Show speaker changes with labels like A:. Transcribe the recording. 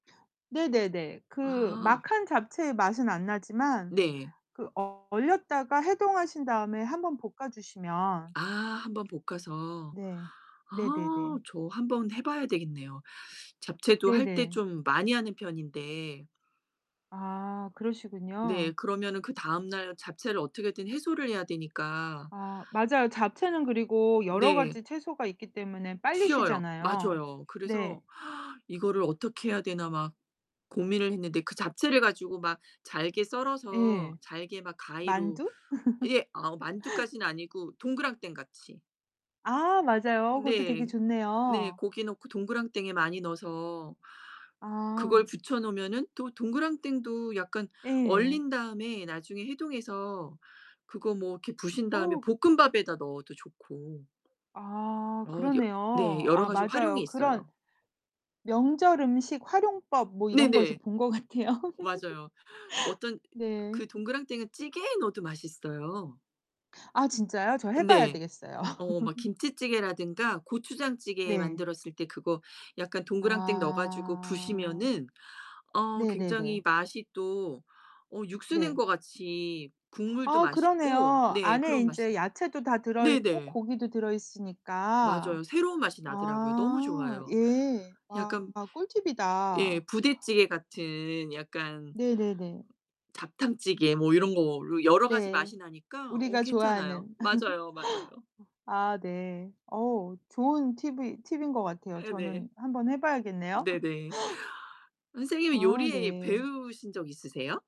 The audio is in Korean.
A: 네네네. 그
B: 아.
A: 막 한 잡채의 맛은 안 나지만
B: 네.
A: 그 어 얼렸다가 해동하신 다음에 1 번 볶아 주시면
B: 아 1 번 볶아서.
A: 네.
B: 아
A: 네네네.
B: 저 한번 해 봐야 되겠네요. 잡채도 할 때
A: 네네.
B: 좀 많이 하는 편인데.
A: 아
B: 네.
A: 그러시군요.
B: 그러면은 그 다음날 잡채를 어떻게든 해소를 해야 되니까.
A: 아 맞아요.
B: 어
A: 잡채는 그리고 여러
B: 네.
A: 가지 채소가 있기 때문에 빨리
B: 쉬어요.
A: 쉬잖아요.
B: 맞아요.
A: 네.
B: 그래서 '이거를 어떻게 해야 되나?' 막 고민을 했는데 그 잡채를 가지고 막 잘게 썰어서
A: 예.
B: 잘게 막 가위로
A: 만두?
B: 예 어 만두까지는 아니고 동그랑땡 같이.
A: 아 맞아요. 그것도 되게
B: 네. 네
A: 좋네요.
B: 고기 넣고 동그랑땡에 많이 넣어서 그걸
A: 아.
B: 부쳐 놓으면 또 동그랑땡도 약간
A: 예.
B: 얼린 다음에 나중에 해동해서 그거 뭐 이렇게 부순 다음에
A: 어우.
B: 볶음밥에다 넣어도 좋고.
A: 아
B: 어 여 네.
A: 그러네요.
B: 여러
A: 아
B: 가지 활용이
A: 맞아요. 그런
B: 있어요.
A: 명절 음식 활용법 뭐 이런 거에서
B: 네네.
A: 본 것 같아요.
B: 맞아요. 어떤
A: 네.
B: 그 동그랑땡은 찌개에 넣어도 맛있어요.
A: 아 진짜요? 저 해 봐야
B: 네.
A: 되겠어요.
B: 어 막 김치찌개라든가 고추장찌개
A: 네.
B: 만들었을 때 그거 약간 동그랑땡 넣어 가지고
A: 아.
B: 부수면은 어 굉장히
A: 네네네.
B: 맛이 또 어 육수 낸
A: 네.
B: 것 같이 국물도
A: 아
B: 맛있고
A: 그러네요.
B: 네
A: 안에
B: 그런 맛이
A: 인제 야채도 다 들어 있고
B: 네네.
A: 고기도 들어 있으니까.
B: 맞아요. 새로운 맛이 나더라고요. 너무
A: 아
B: 좋아요.
A: 예. 아
B: 약간 예
A: 꿀팁이다.
B: 부대찌개 같은 약간
A: 네네네.
B: 잡탕찌개 뭐 요런 거로 여러 가지
A: 네.
B: 맛이 나니까 어
A: 우리가
B: 괜찮아요.
A: 좋아하는.
B: 맞아요, 맞아요.
A: 아 네. 어 좋은 팁이 팁인 것 같아요.
B: 예 네.
A: 저는 한번 해 봐야겠네요.
B: 네네. 선생님은
A: 아
B: 요리
A: 네.
B: 배우신 적 있으세요?